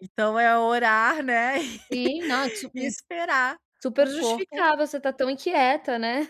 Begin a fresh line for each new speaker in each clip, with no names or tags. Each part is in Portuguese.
Então é orar, né,
Sim, não,
e
super
esperar
super
o corpo
justificável você tá
eh
tão inquieta, né,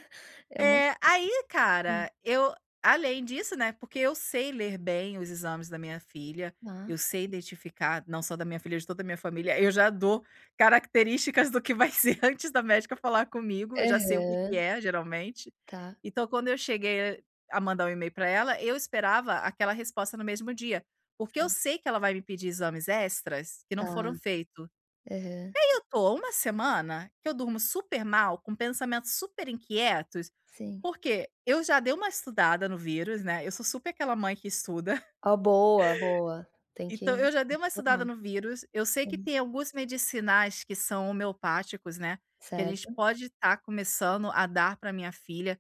é uma
É. Aí
Sim.
cara, eu, além disso, né, porque eu sei ler bem os exames da minha filha, eu
Hã.
sei identificar, não só da minha filha, de toda a minha família, eu já dou características do que vai ser antes da médica falar comigo, eu já sei o que que
Aham.
é geralmente.
Tá.
Então, quando eu cheguei a mandar um e-mail pra ela, eu esperava aquela resposta no mesmo dia. Porque eu
Sai.
sei que ela vai me pedir exames extras, que não
Tá.
foram feito. E
Aham.
aí, eu tô uma semana, que eu durmo super mal, com pensamentos super inquietos,
Sim.
porque eu já dei uma estudada no vírus, né. Eu sou super aquela mãe que estuda
Ó, boa, boa! Tem
então,
que se
eu já dei uma
formar.
estudada no vírus, eu sei que
Sali
tem alguns medicinais que são homeopáticos, né, que a gente
Certo.
pode tá começando a dar pra minha filha.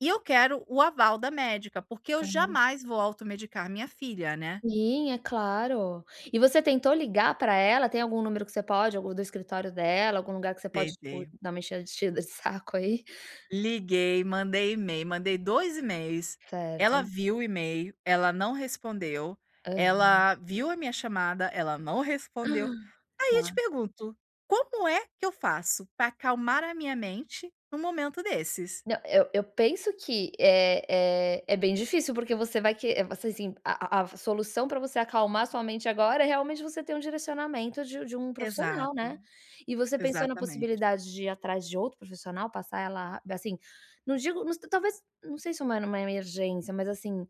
E eu quero o aval da médica, porque eu
Claro.
jamais vou automedicar minha filha, né.
Sim, é claro. E você tentou ligar pra ela? Tem algum número que você pode algum do escritório dela, algum lugar que você pode, tipo
Tentei.
dar uma enchea enchida de saco, aí?
Liguei, mandei e-mail, mandei 2 e-mails, ela
Certo.
viu o e-mail, ela não respondeu,
Aham.
ela viu a minha chamada, ela não
Hã!
respondeu. Aí eu te
Tá.
pergunto, como é que eu faço para acalmar a minha mente num momento desses?
Não, eu eu penso que é é é bem difícil porque você vai que, eh, você assim, a a a solução pra você acalmar a sua mente agora é realmente você ter um direcionamento de de um profissional,
Exato,
né. E você pensou na
exatamente.
possibilidade de ir atrás de outro profissional, passar ela a ba sim, não digo nos talvez, não sei se uma numa emergência, mas assim,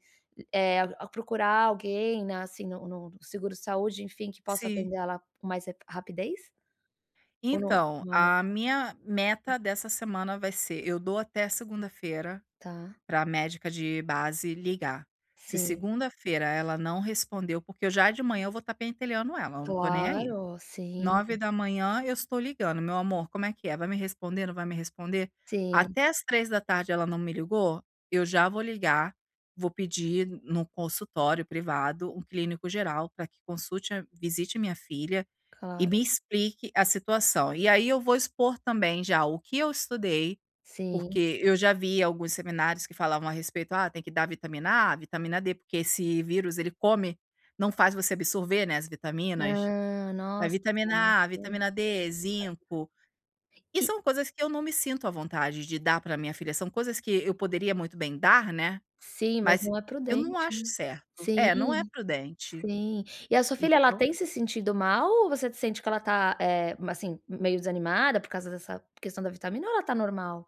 eh, a procurar alguém, na assim, no no seguro saúde, enfim que possa
Sim.
atender ela, com mais rapi rapidez? Ou no
Então,
não é uma
a minha meta dessa semana vai ser eu dou até segunda-feira
Tá.
pra médica de base ligar. Se
Sim.
segunda-feira ela não respondeu, porque eu já de manhã, eu vou tá pentelhando ela, eu não tô nem aí.
Claro! Sim.
9 da manhã eu estou ligando: "Meu amor, como é que é? Vai me responder? Não vai me responder?
Sim.
Até às 3 da tarde, ela não me ligou, eu já vou ligar, vou pedir no consultório privado, um clínico geral pra que consulte a visite a minha filha e
Claro.
me explique a situação. E aí, eu vou expor também já, o que eu estudei,
Sim.
porque eu já vi alguns seminários que falavam a respeito: "Ah, tem que dar vitamina A, vitamina D, porque esse vírus ele come não faz você absorver, né, as vitaminas.
Ah,
A
nossa! E
vitamina A,
tá
vitamina D, zinco. E
E.
são coisas que eu não me sinto à vontade de dar pra minha filha, são coisas que eu poderia muito bem dar, né,
Sim, mas
mas
não é
eu não
prudente,
acho
né.
certo.
Sim,
É, não é prudente,
sim. E a sua filha, ela
então
tem se sentido mal? Ou você sente que ela tá, eh, mas assim meio desanimada por causa dessa questão da vitamina? Ou ela tá normal?